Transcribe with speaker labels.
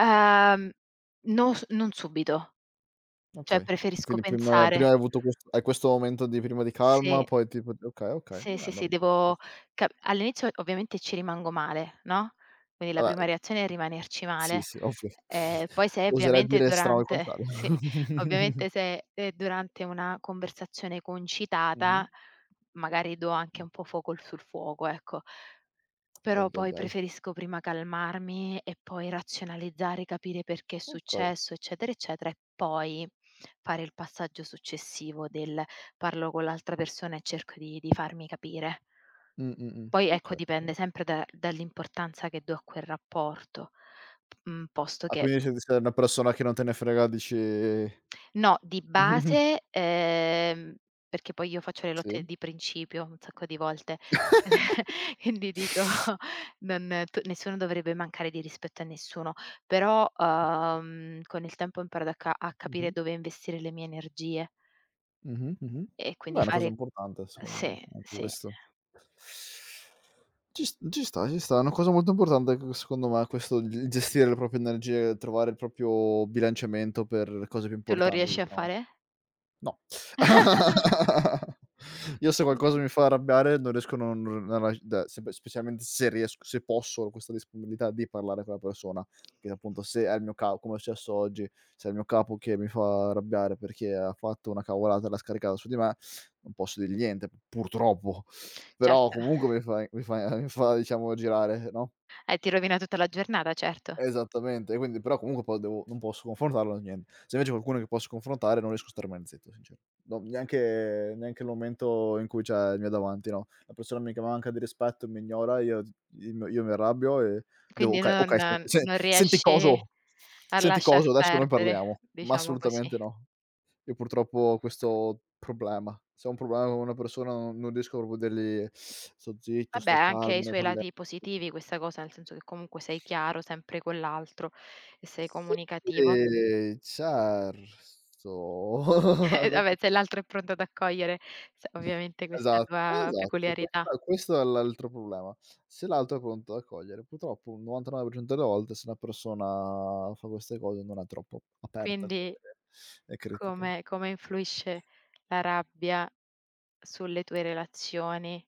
Speaker 1: Ehm, non s non subito. Cioè,
Speaker 2: Okay.
Speaker 1: preferisco
Speaker 2: Quindi prima prima
Speaker 1: pensare.
Speaker 2: hai avuto quest hai questo momento di prima di calma,
Speaker 1: Sì.
Speaker 2: poi tipo d okay, okay,
Speaker 1: Sì,
Speaker 2: vabbè
Speaker 1: sì,
Speaker 2: allora
Speaker 1: sì. Devo
Speaker 2: giusto per.
Speaker 1: ca all'inizio ovviamente ci rimango male, no, quindi la
Speaker 2: Vabbè,
Speaker 1: prima
Speaker 2: ehm
Speaker 1: reazione è rimanerci
Speaker 2: sì,
Speaker 1: male.
Speaker 2: sì,
Speaker 1: Ehm, poi
Speaker 2: [unintelligible]
Speaker 1: se è
Speaker 2: oserei
Speaker 1: ovviamente
Speaker 2: dire strano il contrario.
Speaker 1: durante sì, ovviamente se è è durante una conversazione
Speaker 2: Mh-mh.
Speaker 1: concitata, magari do anche un po' fuoco sul fuoco, ecco. Però
Speaker 2: Ahi, ahi,
Speaker 1: poi
Speaker 2: ahi.
Speaker 1: preferisco prima calmarmi e poi razionalizzare, capire perché è
Speaker 2: Okay.
Speaker 1: successo, eccetera, eccetera, e poi fare il passaggio successivo del "parlo con l'altra persona e cerco di di farmi capire".
Speaker 2: Mh, mh, mh.
Speaker 1: Poi, ecco,
Speaker 2: Okay,
Speaker 1: dipende
Speaker 2: bene.
Speaker 1: sempre da dall'importanza che do a quel rapporto. Mh, posto
Speaker 2: Ah,
Speaker 1: che
Speaker 2: quindi c'è il rischio è una persona che non te ne frega, dici
Speaker 1: No, di base, ehm perché poi io faccio le lotte
Speaker 2: Sì.
Speaker 1: di principio, un sacco di volte, e vi dico: "Non t nessuno dovrebbe mancare di rispetto a nessuno". Però, uhm, con il tempo ho imparato a ca a capire
Speaker 2: Mh-mh.
Speaker 1: dove investire le mie energie
Speaker 2: Mh-mh, mh-mh.
Speaker 1: e
Speaker 2: Dai,
Speaker 1: quindi
Speaker 2: è una cosa
Speaker 1: fare
Speaker 2: importante secondo
Speaker 1: sì,
Speaker 2: me, [unintelligible]
Speaker 1: sì.
Speaker 2: questo. Ci s ci sta, ci sta. È una cosa molto importante c secondo me questo di gestire le proprie energie, trovare il proprio bilanciamento per cose più
Speaker 1: Tu lo
Speaker 2: importanti,
Speaker 1: riesci a
Speaker 2: diciamo.
Speaker 1: fare?
Speaker 2: No. Io se qualcosa mi fa
Speaker 1: [unintelligible]
Speaker 2: arrabbiare non riesco, non r rag da sepe specialmente se riesc se posso, ho questa disponibilità di parlare con la persona, che appunto se è il mio ca come è successo oggi, se è il mio capo che mi fa arrabbiare perché ha fatto una cavolata e l'ha scaricata su di me, non posso dirgli niente, purtroppo. Però
Speaker 1: Certo.
Speaker 2: comunque mi fai mi fai a mi fa diciamo girare, no?
Speaker 1: Eh, ti rovina tutta la giornata, certo.
Speaker 2: Esattamente. Quindi, però, comunque poi devo non posso confrontarlo né niente. Se invece è qualcuno che posso confrontare non riesco a star mai zitto, sincero. No, neanche neanche il momento in cui, cioè, mi hai davanti, no, la persona mi che manca di rispetto, mi ignora, io z io io mi arrabbio e devo
Speaker 1: Quindi
Speaker 2: "Okay,
Speaker 1: non
Speaker 2: okay. Sen-sen
Speaker 1: non
Speaker 2: senti
Speaker 1: riesci
Speaker 2: coso,
Speaker 1: a
Speaker 2: senti
Speaker 1: lasciar
Speaker 2: coso, adesso noi
Speaker 1: perdere,
Speaker 2: parliamo." Ma
Speaker 1: diciamo così.
Speaker 2: assolutamente no. Io purtroppo ho questo problema. Se ho un problema con una persona no non riesco proprio a dirgli: "Sto zitto,
Speaker 1: Vabbè,
Speaker 2: sto
Speaker 1: ha anche
Speaker 2: calmo,
Speaker 1: i
Speaker 2: ne
Speaker 1: suoi
Speaker 2: parlia"
Speaker 1: lati positivi questa cosa, nel senso che comunque sei chiaro sempre con l'altro e sei comunicativo.
Speaker 2: Sì,
Speaker 1: Eh,
Speaker 2: certo.
Speaker 1: vabbè, se l'altro è pronto ad accogliere ovviamente
Speaker 2: Esa
Speaker 1: questa tua
Speaker 2: esatto.
Speaker 1: peculiarità.
Speaker 2: Questo questo è l'altro problema: se l'altro è pronto ad accogliere. Purtroppo un 99% delle volte se una persona fa queste cose non è troppo aperta a
Speaker 1: Quindi
Speaker 2: vede le critiche.
Speaker 1: come come influisce la rabbia sulle tue relazioni?